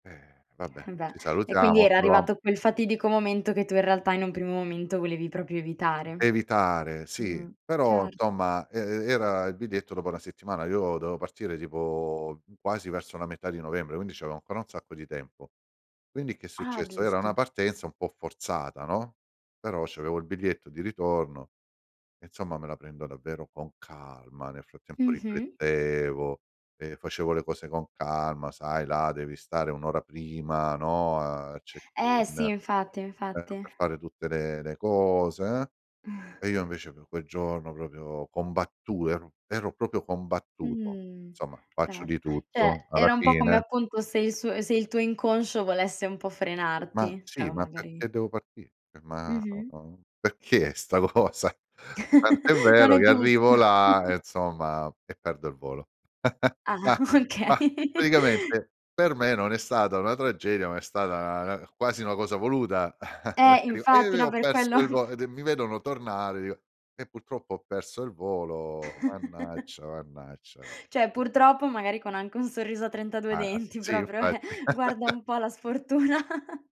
Eh! Vabbè, Beh, ci e quindi salutiamo. era [unintelligible] arrivato quel fatidico momento, che tu in realtà in un primo momento volevi proprio evitare. Evitare, sì, Mh, però, certo. somma, e e era il biglietto dopo 1 settimana. Io dovevo partire tipo quasi verso la metà di novembre, quindi, c'avevo ancora un sacco di tempo. Quindi, che è Ah, successo? Era una giusto! partenza un po' forzata, no, però, c'avevo il biglietto di ritorno e, insomma, me la prendo davvero con calma. Nel frattempo, Mh-mh. riflettevo e facevo le cose con calma. Sai, là devi stare 1 ora prima, no, al Eh check-in, sì! eh, Infatti, infatti. per fare tutte le le cose, uhm. E io, invece, pe' quel giorno, proprio, combattu ero ero proprio combattuto. Mh, Somma, faccio cer di cioè, tutto alla era un po' come fine appunto se il suo se il tuo inconscio volesse un po' Mah, frenarti. Cioè sì, o ma magari perché devo partì? Ma, Mh-mh. uhm, perché sta cosa? Tant'è Non vero è che giusto. arrivo là e insomma e perdo il volo. Ah! Mah! Okay. Mah, praticamente per me non è stata una tragedia, ma è stata 'na quasi una cosa voluta Eh [unintelligible] e infatti! No, io ho per quello. perso il vo e de mi vedono tornare e io: "Eh, purtroppo ho perso il volo, mannaggia, mannaggia" Cioè, [unintelligible] purtroppo, magari, con anche un sorriso a 32 Ah! denti, Sì, proprio, eh. infatti. Guarda un po' la sfortuna.